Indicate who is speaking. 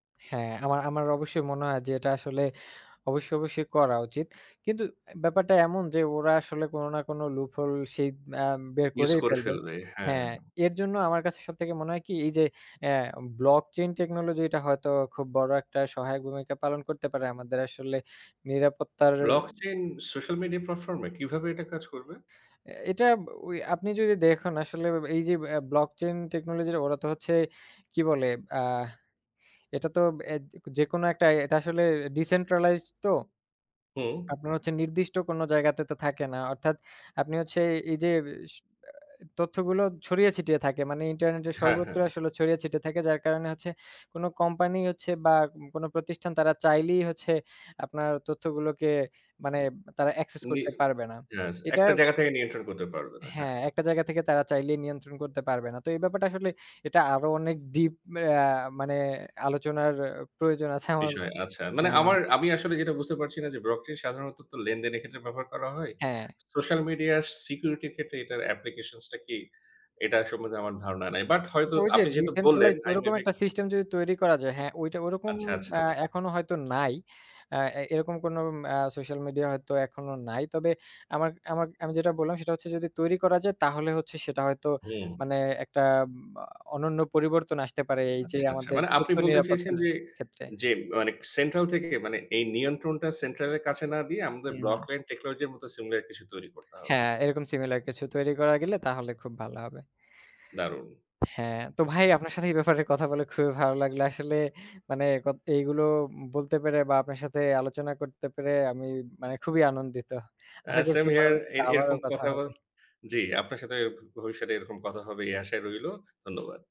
Speaker 1: হ্যাঁ, আমার আমার অবশ্যই মনে হয় যে এটা আসলে অবশ্যই, অবশ্যই করা উচিত। কিন্তু অ্যা ব্যাপারটা এমন যে ওরা আসলে কোন না কোন লুপহোল রশিদ অ্যাম বের
Speaker 2: ইউজ
Speaker 1: করেই
Speaker 2: করে
Speaker 1: ফেলবে
Speaker 2: ফেলবে। হ্যাঁ।
Speaker 1: হ্যাঁ এর জন্য আমার কাছে সবথেকে মনে হয় কি এই যে আ ব্লক চেইন টেকনোলজি টা হয়তো খুব বড় একটা সহায়ক ভূমিকা পালন করতে পারে আমাদের আসলে নিরাপত্তার
Speaker 2: Blockchain social media platform এ কীভাবে এটা কাজ করবে?
Speaker 1: অ্যা এটা ব ওই আপনি যদি দেখুন আসলে এই যে অ্যা ব্লকচেইন টেকনোলজির ওরা তো হচ্ছে কি বলে? আ এটা তো এ যেকোনো একটা এটা আসলে Decentralized তো।
Speaker 2: হু।
Speaker 1: আপনার হচ্ছে নির্দিষ্ট কোন জায়গাতে তো থাকে না। অর্থাৎ আপনি হচ্ছে এই যে উইস অ্যা তথ্যগুলো ছড়িয়ে ছিটিয়ে থাকে। মানে ইন্টারনেটের
Speaker 2: হ্যাঁ, হ্যাঁ।
Speaker 1: সর্বত্রই আসলে ছড়িয়ে ছিটিয়ে থাকে, যার কারণে হচ্ছে কোন কোম্পানি হচ্ছে বা কোন প্রতিষ্ঠান তারা চাইলেই হচ্ছে আপনার তথ্যগুলোকে মানে তারা Access
Speaker 2: উনি
Speaker 1: করতে পারবে না।
Speaker 2: ইয়েস
Speaker 1: এটা
Speaker 2: একটা জায়গা থেকে নিয়ন্ত্রণ করতে পারবে না।
Speaker 1: হ্যাঁ,
Speaker 2: হ্যাঁ।
Speaker 1: ১ টা জায়গা থেকে তারা চাইলে নিয়ন্ত্রণ করতে পারবে না। তো এই ব্যাপারটা আসলে এটা আরো অনেক ডিপ অ্যা মানে আলোচনার প্রয়োজন আছে আমার
Speaker 2: বিষয়, আচ্ছা। মানে
Speaker 1: হ্যাঁ।
Speaker 2: আমার, আমি আসলে যেটা বুঝতে পারছি না যে Blockchain সাধারণত তো লেনদেনের ক্ষেত্রে ব্যবহার করা হয়।
Speaker 1: হ্যাঁ।
Speaker 2: Social media security এর ক্ষেত্রে এটার application টা কি? এটা সম্বন্ধে আমার ধারণা নাই। বাট হয়তো
Speaker 1: ওই যে
Speaker 2: আপনি যেহেতু বললেন
Speaker 1: ডিসেন্ট্রালাইজড
Speaker 2: আই
Speaker 1: ওরকম
Speaker 2: মেবি
Speaker 1: একটা সিস্টেম যদি তৈরি করা যায়, হ্যাঁ, ঐটা ওরকম
Speaker 2: আচ্ছা, আচ্ছা,
Speaker 1: অ্যা
Speaker 2: আচ্ছা।
Speaker 1: এখনো হয়তো নাই। আ এ এরকম ম্যা সোশ্যাল মিডিয়া হয়তো এখনো নাই। তবে আমার আমার আমি যেটা বললাম সেটা হচ্ছে যদি তৈরি করা যায় তাহলে হচ্ছে সেটা হয়তো
Speaker 2: হু।
Speaker 1: মানে একটা এমা অনন্য পরিবর্তন আসতে পারে এই যে
Speaker 2: আচ্ছা, আচ্ছা।
Speaker 1: আমাদের
Speaker 2: মানে আপনি
Speaker 1: তথ্য
Speaker 2: বলতে চেয়েছেন
Speaker 1: নিরাপত্তার
Speaker 2: যে,
Speaker 1: ক্ষেত্রে।
Speaker 2: যে মানে Central থেকে মানে এই নিয়ন্ত্রণটা Central এর কাছে না দিয়ে আমাদের
Speaker 1: হুম।
Speaker 2: ব্লক চেইন টেকনোলজি এর মতো সিমিলার কিছু তৈরি করতে হবে।
Speaker 1: হ্যাঁ, এরকম similar কিছু তৈরি করা গেলে তাহলে খুব ভালো হবে।
Speaker 2: দারুণ!
Speaker 1: হ্যাঁ, তো ভাই আপনার সাথে এই ব্যাপারে কথা বলে খুবই ভালো লাগলো। আসলে মানে ক এগুলো বলতে পেরে বা আপনার সাথে আলোচনা করতে পেরে আমি মানে খুবই আনন্দিত।
Speaker 2: আ
Speaker 1: আশা করছি
Speaker 2: সেম হিয়ার এ
Speaker 1: পরবর্তীতে আবারও
Speaker 2: এরকম
Speaker 1: কথা
Speaker 2: কথা
Speaker 1: হবে।
Speaker 2: জি আপনার সাথে ভ ভবিষ্যতে এরকম কথা হবে এই আশায় রইল। ধন্যবাদ।